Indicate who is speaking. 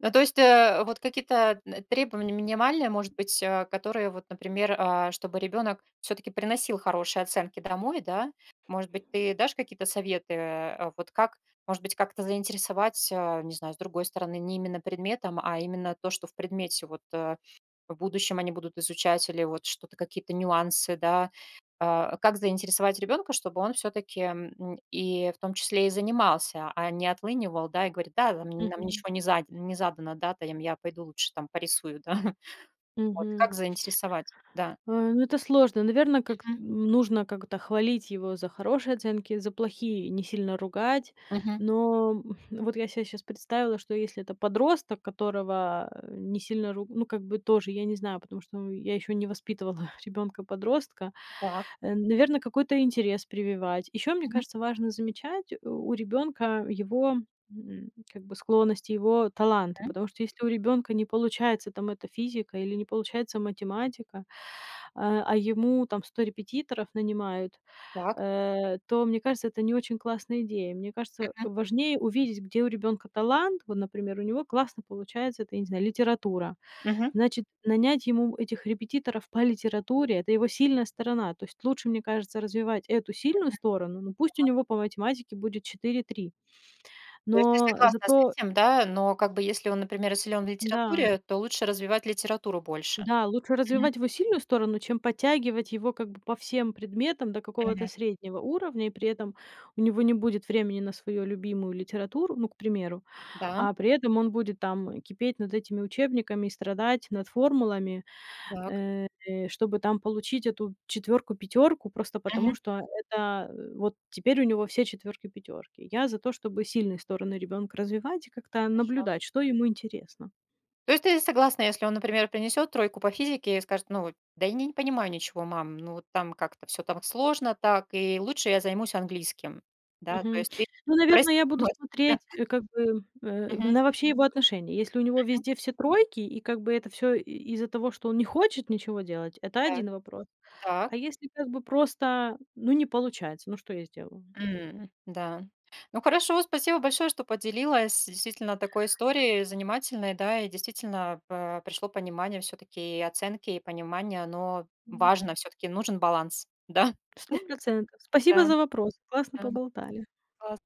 Speaker 1: Ну, то есть, э, вот какие-то, э, т требования минимальные, может быть, а, которые, вот, например, э, чтобы ребёнок всё-таки приносил хорошие оценки домой, да? Может быть, ты дашь какие-то советы, э, вот, как, может быть, как-то заинтересовать, э, не знаю, с другой стороны, не именно предметом, а именно то, что в предмете. Вот, э, в будущем они будут изучать или вот что-то, какие-то нюансы, да? Э, как заинтересовать ребёнка, чтобы он всё-таки, м, и в том числе и занимался, а не отлынивал, да, и говорит: "Да, намь нам
Speaker 2: Мгм.
Speaker 1: ничего не задь не задано". Да, та, ем, я пойду лучше там порисую, да. Вот
Speaker 2: Мгм.
Speaker 1: как заинтересовать, да.
Speaker 2: А, ну, это сложно. Наверно, как,
Speaker 1: Мгм.
Speaker 2: м, нужно как-то хвалить его за хорошие оценки, за плохие не сильно ругать.
Speaker 1: Мгм.
Speaker 2: Но вот я се щас представила, что если это подросток, которого, э, не сильно руг ну, как бы тоже, я не знаю, потому что, ну, я ещё не воспитывала ребёнка-подростка.
Speaker 1: Так.
Speaker 2: Э, наверно, какой-то интерес прививать. Ещё, мне
Speaker 1: Мгм.
Speaker 2: кажется, важно замечать у у ребёнка его, м, как бы, склонность, его таланты.
Speaker 1: Мгм.
Speaker 2: Потому что если у ребёнка не получается там эта физика или не получается математика, а а ему там 100 репетиторов нанимают,
Speaker 1: Так.
Speaker 2: э, то, мне кажется, это не очень классная идея. Мне кажется,
Speaker 1: Мгм.
Speaker 2: важнее увидеть, где у ребёнка талант. Вот, например, у него классно получается, это, я не знаю, литература.
Speaker 1: Мгм.
Speaker 2: Значит, нанять ему этих репетиторов по литературе- это его сильная сторона, то есть лучше, мне кажется, развивать эту сильную
Speaker 1: Мгм.
Speaker 2: сторону, но пусть у
Speaker 1: Да.
Speaker 2: него по математике будет 4-3
Speaker 1: То есть ты
Speaker 2: но, э,
Speaker 1: согласна с
Speaker 2: зато
Speaker 1: этим, да, но как бы, если он, например, и силён в
Speaker 2: Да.
Speaker 1: литературе, то лучше развивать литературу больше.
Speaker 2: Да, лучше
Speaker 1: Мгм.
Speaker 2: развивать его сильную сторону, чем подтягивать его как бы по всем предметам до какого-то
Speaker 1: Мгм.
Speaker 2: среднего уровня, и при этом у него не будет времени на свою любимую литературу, ну, к примеру.
Speaker 1: Да.
Speaker 2: А при этом он будет там, э, кипеть над этими учебниками и страдать над формулами,
Speaker 1: Так.
Speaker 2: э, чтобы там получить эту четвёрку-пятёрку просто потому,
Speaker 1: Мгм.
Speaker 2: что это, э, вот теперь у него все четвёрки-пятёрки. Я за то, чтобы сильные стороны ребёнка развивать и как-то
Speaker 1: Хорошо.
Speaker 2: наблюдать,
Speaker 1: Мгм.
Speaker 2: что ему интересно.
Speaker 1: То есть ты и согласна, если он, например, принесёт тройку по физике и скажет: "Ну, во да, я ни не понимаю ничего, мам, ну, вот там как-то всё там сложно так, и лучше я займусь английским". Да, то
Speaker 2: Мгм.
Speaker 1: есть ты
Speaker 2: Ну, наверно,
Speaker 1: простишь.
Speaker 2: я буду смотреть,
Speaker 1: [unintelligible]
Speaker 2: э, как бы, э, в
Speaker 1: Мгм.
Speaker 2: на вообще его отношение. Если у него
Speaker 1: Мгм.
Speaker 2: везде все тройки, и, как бы это всё и из-за того, что он не хочет ничего делать, это
Speaker 1: Так.
Speaker 2: один вопрос.
Speaker 1: Та
Speaker 2: А если, как бы, просто, ну, не получается, ну, что я сделаю?
Speaker 1: М, да. Ну хорошо, спасибо большое, что поделилась действительно такой историей занимательной. Да, и действительно па пришло понимание всё-таки и оценки, и понимание оно
Speaker 2: М.
Speaker 1: важно. Всё-таки нужен баланс. Да?
Speaker 2: 100 %. Спасибо
Speaker 1: Да.
Speaker 2: за вопрос. Классно
Speaker 1: Да, м.
Speaker 2: поболтали.
Speaker 1: Класс